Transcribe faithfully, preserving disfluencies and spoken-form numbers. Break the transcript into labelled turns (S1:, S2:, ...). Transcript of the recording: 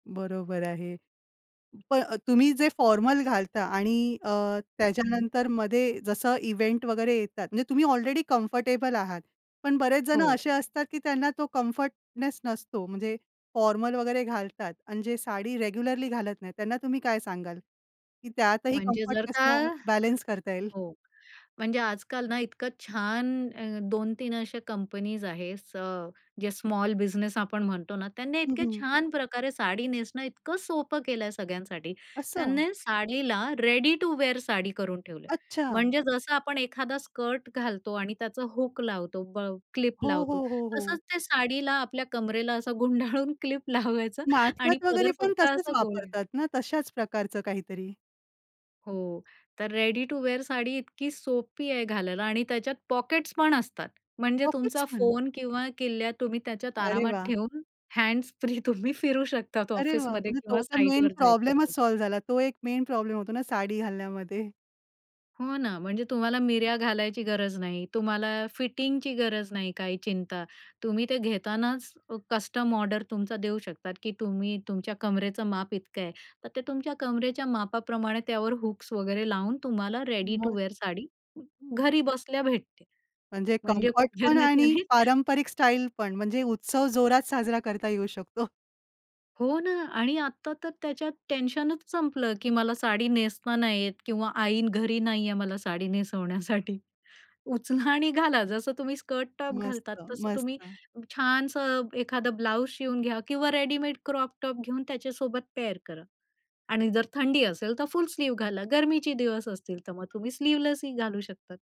S1: बरोबर आहे. प अ, तुम्ही जे फॉर्मल घालता आणि अ,
S2: हं.
S1: त्याच्यानंतर मध्ये जसं इव्हेंट वगैरे येतात, म्हणजे तुम्ही ऑलरेडी कम्फर्टेबल आहात. पण बरेच जणं
S2: हो.
S1: असे असतात, की त्यांना तो कम्फर्टनेस नसतो. म्हणजे फॉर्मल वगैरे घालतात आणि जे साडी रेग्युलरली घालत नाहीत, त्यांना तुम्ही काय सांगाल? की त्यातही
S2: म्हणजे जर का
S1: कम्फर्टनेसला बॅलन्स करता येईल.
S2: हो, म्हणजे आजकाल ना इतकं छान अं दोन तीन अशा कंपनीज आहेत. स ज्या स्मॉल बिझनेस आपण म्हणतो ना, त्यांनी
S1: हं,
S2: इतके
S1: हं.
S2: छान प्रकारे साडी नेसणं इतकं सोपं केलंय सगळ्यांसाठी.
S1: असं.
S2: त्यांनी साडीला रेडी टू वेअर साडी करून ठेवलंय.
S1: अच्छा.
S2: म्हणजे जसं आपण एखादा स्कर्ट घालतो आणि त्याचा हूक लावतो ब क्लिप
S1: हो,
S2: लावतो
S1: हो, हो, हो.
S2: तसंच त्या साडीला आपल्या कंबरेला असं गुंडाळून क्लिप लावायचं आणि
S1: नाटकात वगैरे
S2: पदर
S1: पण
S2: फक्त
S1: तसेच
S2: असा गोल.
S1: वापरतात ना. तशाच प्रकारचं काहीतरी?
S2: हो तर रेडी टू वेअर साडी इतकी सोपी आहे घालायला आणि त्याच्यात पॉकेट्स पण असतात. म्हणजे
S1: पॉकेट्स
S2: तुमचा
S1: पण.
S2: फोन किंवा किल्ल्या तुम्ही त्याच्यात
S1: अरे
S2: आरामात
S1: वाह!
S2: ठेऊन हँड्स फ्री तुम्ही फिरू शकतात
S1: अरे वाह!
S2: ऑफिसमध्ये
S1: म्हणजे तो
S2: किंवा
S1: तर मेन
S2: साइटवर जायचं असेल
S1: प्रॉब्लेमच
S2: तर.
S1: सॉल्व्ह झाला. तो एक मेन प्रॉब्लेम होतो ना साडी घालण्यामध्ये.
S2: हो ना. म्हणजे तुम्हाला मिऱ्या घालायची गरज नाही. तुम्हाला फिटिंगची गरज नाही, काही चिंता. तुम्ही ते घेतानाच अ, कस्टम ऑर्डर तुमचा देऊ शकतात की तुम्ही तुमच्या कमरेचं माप इतकं आहे. तर ते तुमच्या कमरेच्या मापाप्रमाणे त्यावर हुक्स वगैरे लावून तुम्हाला रेडी टू
S1: मग.
S2: वेअर साडी
S1: हं.
S2: घरी बसल्या भेटते.
S1: म्हणजे
S2: म्हणजे
S1: कम्फर्ट पण आणि
S2: [unintelligible]
S1: पारंपरिक स्टाईल पण म्हणजे उत्सव जोरात साजरा करता येऊ शकतो.
S2: हो ना आणि आता तर त्याच्यात टेन्शनच संपलं की मला साडी नेसता नाही येत किंवा आई घरी नाहीये मला साडी नेसवण्यासाठी. उचला आणि घाला. जसं तुम्ही स्कर्ट टॉप
S1: मस्त,
S2: घालतात तसं तुम्ही
S1: मस्त.
S2: छानसं एखादं ब्लाउज शिवून घ्या किंवा रेडीमेड क्रॉप टॉप घेऊन त्याच्यासोबत पेअर करा आणि जर थंडी असेल तर फुल स्लीव घाला. गर्मीचे दिवस असतील तर मग तुम्ही स्लीव्हलेसही घालू शकतात.